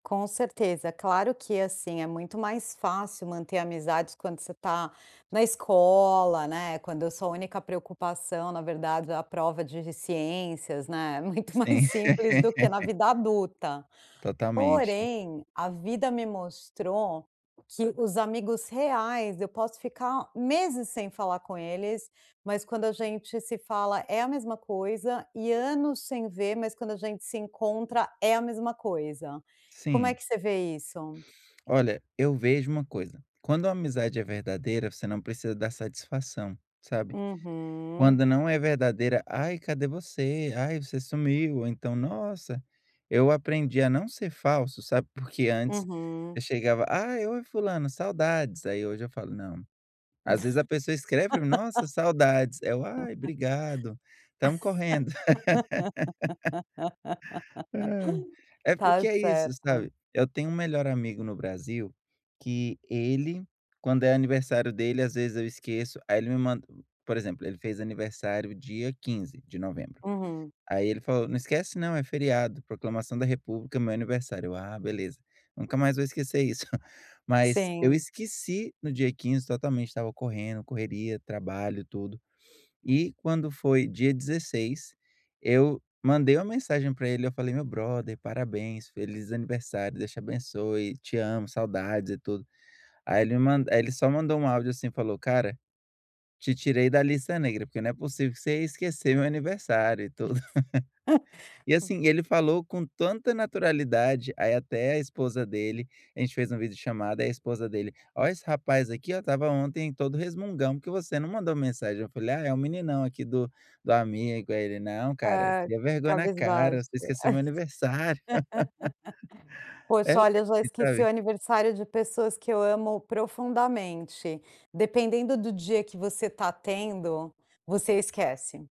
Com certeza, claro que assim, é muito mais fácil manter amizades quando você está na escola, né. Quando a sua a única preocupação, na verdade, é a prova de ciências, né. Muito mais Sim. simples do que na vida adulta. Totalmente. Porém, a vida me mostrou que os amigos reais, eu posso ficar meses sem falar com eles, mas quando a gente se fala, é a mesma coisa, e anos sem ver mas quando a gente se encontra é a mesma coisa. Como é Sim. que você vê isso? Olha, eu vejo uma coisa, quando a amizade é verdadeira, você não precisa dar satisfação, sabe, Uhum. quando não é verdadeira: "Ai, cadê você?" "Ai, você sumiu." Ou então: "Nossa." Eu aprendi a não ser falso, sabe, porque antes Uhum. eu chegava: "Ai, oi fulano, saudades." Aí hoje eu falo: "Não." Às vezes a pessoa escreve para mim: "Nossa, saudades". É o: "Ai, brigado, estamos correndo." É Tá porque é isso, certo. sabe, eu tenho um melhor amigo no Brasil que ele quando é aniversário dele, às vezes eu esqueço, aí ele me man por exemplo, ele fez aniversário dia 15 de novembro. Uhum. Aí ele falou: "Não esquece não, é feriado. Proclamação da república, meu aniversário." Ah beleza, nunca mais vou esquecer isso. Mas eu Sim. esqueci no dia 15 totalmente. Estava correndo, correria, trabalho, tudo. E quando foi dia 16, eu mandei uma mensagem para ele, eu falei: "Meu brother, parabéns. Feliz aniversário. Deus te abençoe, te amo, saudades e tudo." Aí ele me man aí ele só mandou um áudio assim e falou: "Cara, te tirei da lista negra porque não é possível que você ia esquecer meu aniversário e tudo." E, assim, ele falou com tanta naturalidade, aí até a esposa dele, a gente fez uma vídeo chamado, aí a esposa dele: "Ó, esse rapaz aqui, ó, estava ontem todo resmungão porque você não mandou mensagem." Eu falei: "Ah, é o meninão aqui do do amigo." Aí ele: "Não cara, Ah, cria vergonha na cara, cabisbaixa. você esqueceu meu aniversário." É Poxa, leve olha, eu já esqueci o sabe. aniversário de pessoas que eu amo profundamente. Dependendo do dia que você está tendo, você esquece.